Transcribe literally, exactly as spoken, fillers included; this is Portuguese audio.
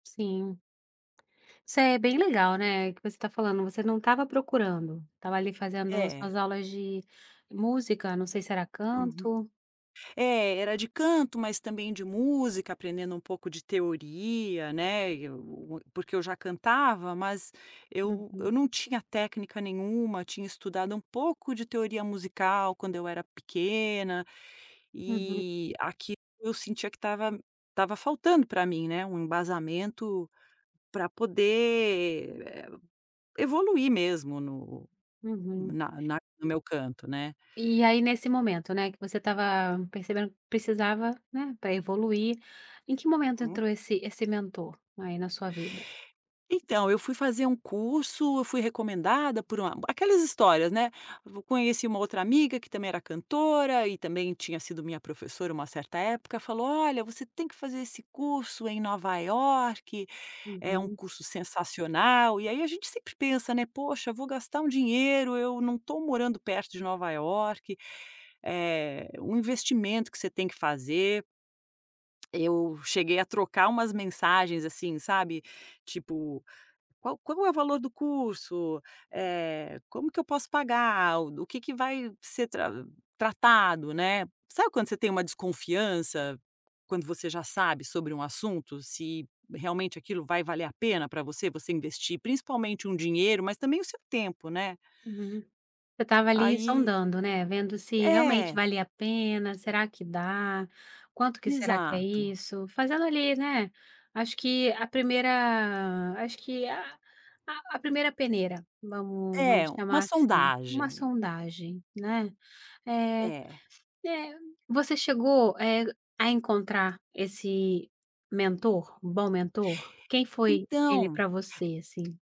Sim. Isso é bem legal, né, o que você tá falando, você não tava procurando. Estava ali fazendo as É. suas aulas de música, não sei se era Uhum. canto. É, era de canto mas também de música, aprendendo um pouco de teoria, né, eu m porque eu já cantava mas, eu eu Uhum. não tinha técnica nenhuma, tinha estudado um pouco de teoria musical quando eu era pequena, Uhum. e aquilo, eu sentia que estava estava faltando pra mim, né, um embasamento pra poder, eh, evoluir mesmo no Uhum. na na no meu canto, né. E aí, nesse momento, né, que você estava percebendo que precisava, né, pra evoluir. Em que momento Uhum. entrou esse esse mentor aí na sua vida? Então, eu fui fazer um curso, eu fui recomendada por uma aquelas histórias, né. V conheci uma outra amiga que também era cantora e também tinha sido minha professora uma certa época, falou: "Olha, você tem que fazer esse curso em Nova Iorque. É um Uhum. curso sensacional," e aí a gente sempre pensa, né, "Poxa, vou gastar um dinheiro, eu não tô morando perto de Nova Iorque," eh, um investimento que você tem que fazer. Eu cheguei a trocar umas mensagens, assim, sabe. Tipo, qual qual é o valor do curso? Eh, como que eu posso pagar? O do o que que vai ser tra tratado, né. Sabe quando você tem uma desconfiança? Quando você já sabe sobre um assunto, se realmente aquilo vai valer a pena pra você, você investir, principalmente um dinheiro, mas também o seu tempo, né. Uhum. Você estava ali Aí sondando, né, vendo se realmente É. valia a pena, será que dá, quanto que será que é Exato. isso, fazendo ali, né, acho que a primeira acho que a a a primeira peneira. Vamos É, vamos uma chamar assim. Uma sondagem. sondagem, né. Eh É. eh, você chegou, eh, a encontrar esse mentor, um bom mentor? Quem foi ele Então pra você, assim?